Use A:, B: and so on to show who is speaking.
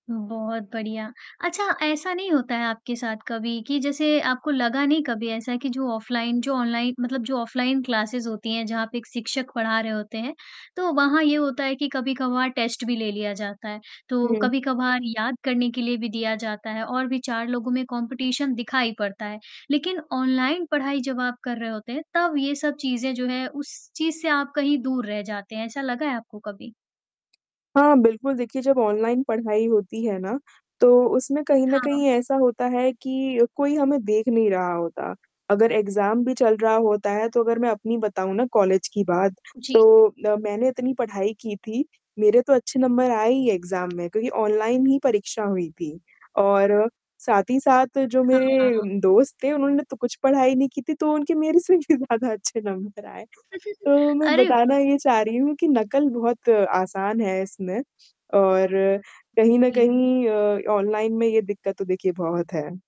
A: बहुत बढ़िया। अच्छा, ऐसा नहीं होता है आपके साथ कभी कि जैसे आपको लगा नहीं कभी ऐसा कि जो ऑफ़लाइन जो ऑनलाइ मतलब जो ऑफ़लाइन क्लासेज होती हैं, जहाँ पे एक शिक्षक पढ़ा रहे होते हैं, तो वहाँ ये होता है कि कभी-कभार टेस्ट भी ले लिया जाता है, तो
B: हुँ।
A: कभी-कभार याद करने के लिए भी दिया जाता है और भी 4 लोगों में कॉम्पिटिशन दिखाई पड़ता है, लेकिन ऑनलाइन पढ़ाई जब आप कर रहे होते हैं, तब ये सब चीज़ें जो हैं उस चीज़ से आप कहीं दूर रह जाते हैं, ऐसा लगा है आपको कभी?
B: हाँ, बिल्कुल। देखिए जब ऑनलाइन पढ़ाई होती है ना, तो उसमें कहीं न
A: हाँ।
B: कहीं ऐसा होता है कि कोई हमें देख नहीं रहा होता, अगर एग्ज़ाम भी चल रहा होता है तो अगर मैं अपनी बताऊँ ना कॉलेज की बात
A: जी।
B: तो अ, मैंने इतनी पढ़ाई की थी, मेरे तो अच्छे नंबर आए ही एग्ज़ाम में क्योंकि ऑनलाइन ही परीक्षा हुई थी और साथ ही साथ जो मेरे
A: हाँ।
B: उम, दोस्त थे उन्होंने तो कुछ पढ़ाई नहीं की थी, तो उनके मेरे से भी ज़्यादा अच्छे नंबर आए, तो मैं
A: अरे वाह!
B: बताना ये चाह रही हूँ कि नकल बहुत आसान है इसमें और कहीं न
A: जी।
B: कहीं अ, ऑनलाइन में ये दिक्कत तो देखिए बहुत है।